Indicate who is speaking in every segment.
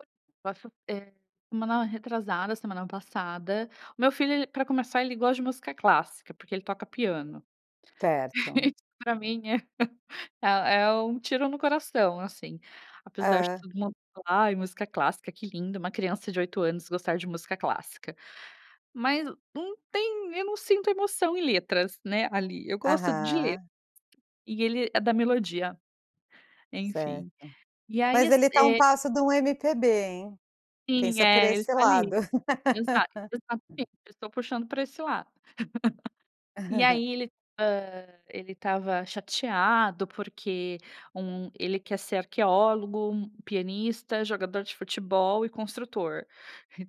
Speaker 1: [unintelligible] Posso, eh, semana retrasada semana passada, o meu filho ele pra começar ele gosta de música clássica, porque ele toca piano.
Speaker 2: Certo.
Speaker 1: Isso pra mim é, eh, é um tiro no coração, assim. Apesar de
Speaker 2: É.
Speaker 1: todo mundo falar: "Ai, música clássica que linda, uma criança de 8 anos gostar de música clássica". Mas não tem eu não sinto emoção em letras, né, ali. Eu gosto de letras,
Speaker 2: Aham.
Speaker 1: e ele é da melodia,
Speaker 2: Certo,
Speaker 1: enfim. E aí
Speaker 2: mas
Speaker 1: as
Speaker 2: ele tá a um
Speaker 1: eh
Speaker 2: passo de um MPB, hein,
Speaker 1: Sim,
Speaker 2: pensa por
Speaker 1: é,.
Speaker 2: esse lado.
Speaker 1: [unintelligible] Eu estou puxando pra esse lado. E aí ele, hã, ele estava chateado porque um ele quer ser arqueólogo, pianista, jogador de futebol e construtor,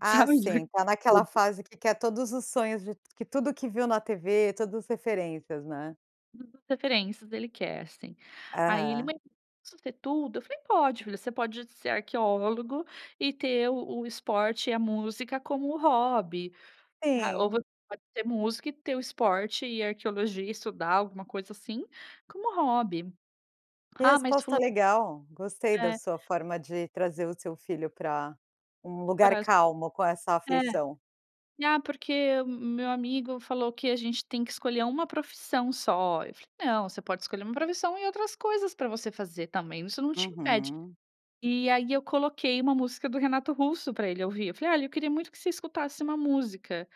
Speaker 2: Ah,
Speaker 1: sabe,
Speaker 2: sim, tá naquela
Speaker 1: tudo.
Speaker 2: fase que quer todos os sonhos de que tudo que viu na tv, todos os referências, né.
Speaker 1: [unintelligible] referências ele quer, sim. Aí ele:
Speaker 2: Aham.
Speaker 1: "Mãe, eu posso ser tudo?". Eu falei: "Pode filho, você pode ser arqueólogo e ter o o esporte e a música como hobby, tá. Ou
Speaker 2: Sim.
Speaker 1: você pode ser músico e ter o esporte e a arqueologia e estudar alguma coisa assim, como hobby".
Speaker 2: Que
Speaker 1: "Ah, mas
Speaker 2: resposta
Speaker 1: fulano"
Speaker 2: legal. Gostei da
Speaker 1: É.
Speaker 2: sua forma de trazer o seu filho pra um lugar calmo com
Speaker 1: [unintelligible]
Speaker 2: essa
Speaker 1: é,
Speaker 2: aflição.
Speaker 1: ah porque o meu amigo falou que a gente tem que escolher uma profissão só, eu falei não, você pode escolher uma profissão e outras coisas pra você fazer também, isso não te impede,
Speaker 2: Uhum.
Speaker 1: e aí eu coloquei uma música do Renato Russo pra ele ouvir, eu falei, olha eu queria muito que você escutasse uma música,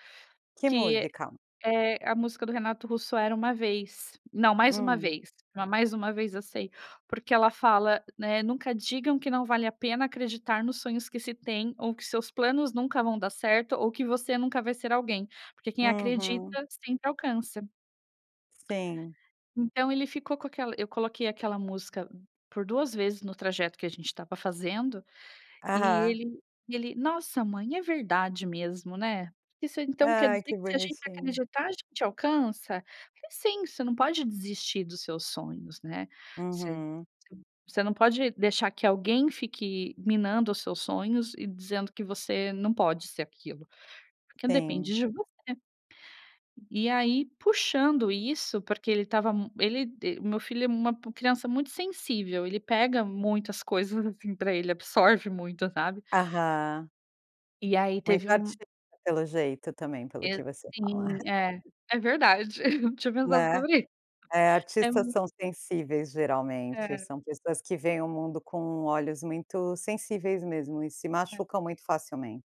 Speaker 2: Que
Speaker 1: que
Speaker 2: música?
Speaker 1: É a música do Renato Russo era Uma Vez, não Mais Uma
Speaker 2: Hum.
Speaker 1: Vez, Mais Uma Vez, eu sei, porque ela fala, né, nunca digam que não vale a pena acreditar nos sonhos que se têm ou que seus planos nunca vão dar certo, ou que você nunca vai ser alguém, porque quem
Speaker 2: Uhum.
Speaker 1: acredita sempre alcança
Speaker 2: Sim.
Speaker 1: Então ele ficou com aquela eu coloquei aquela música por 2 vezes no trajeto que a gente estava fazendo, e
Speaker 2: Aham.
Speaker 1: ele e ele: "Nossa, mãe, é verdade mesmo, né, isso então quer
Speaker 2: Ah,
Speaker 1: dizer
Speaker 2: que
Speaker 1: que se a gente
Speaker 2: bonitinho.
Speaker 1: acreditar a gente alcança?". Falei: "Sim, você não pode desistir dos seus sonhos, né, você
Speaker 2: Uhum.
Speaker 1: você você não pode deixar que alguém fique minando os seus sonhos e dizendo que você não pode ser aquilo, porque depende
Speaker 2: Sim.
Speaker 1: de você". E aí puxando isso, porque ele estava m ele o meu filho é uma criança muito sensível, ele pega muitas coisas, assim, pra ele, absorve muito, sabe.
Speaker 2: Aham.
Speaker 1: E aí teve
Speaker 2: Muito
Speaker 1: um
Speaker 2: artista pelo jeito também, pelo
Speaker 1: E
Speaker 2: que você fala.
Speaker 1: sim, é.
Speaker 2: [unintelligible]
Speaker 1: É verdade, eu não tinha pensado
Speaker 2: Né.
Speaker 1: sobre
Speaker 2: É,
Speaker 1: é
Speaker 2: artistas
Speaker 1: mu
Speaker 2: são sensíveis geralmente.
Speaker 1: É.
Speaker 2: São pessoas que veem o mundo com olhos muito sensíveis mesmo e se
Speaker 1: É.
Speaker 2: machucam muito facilmente.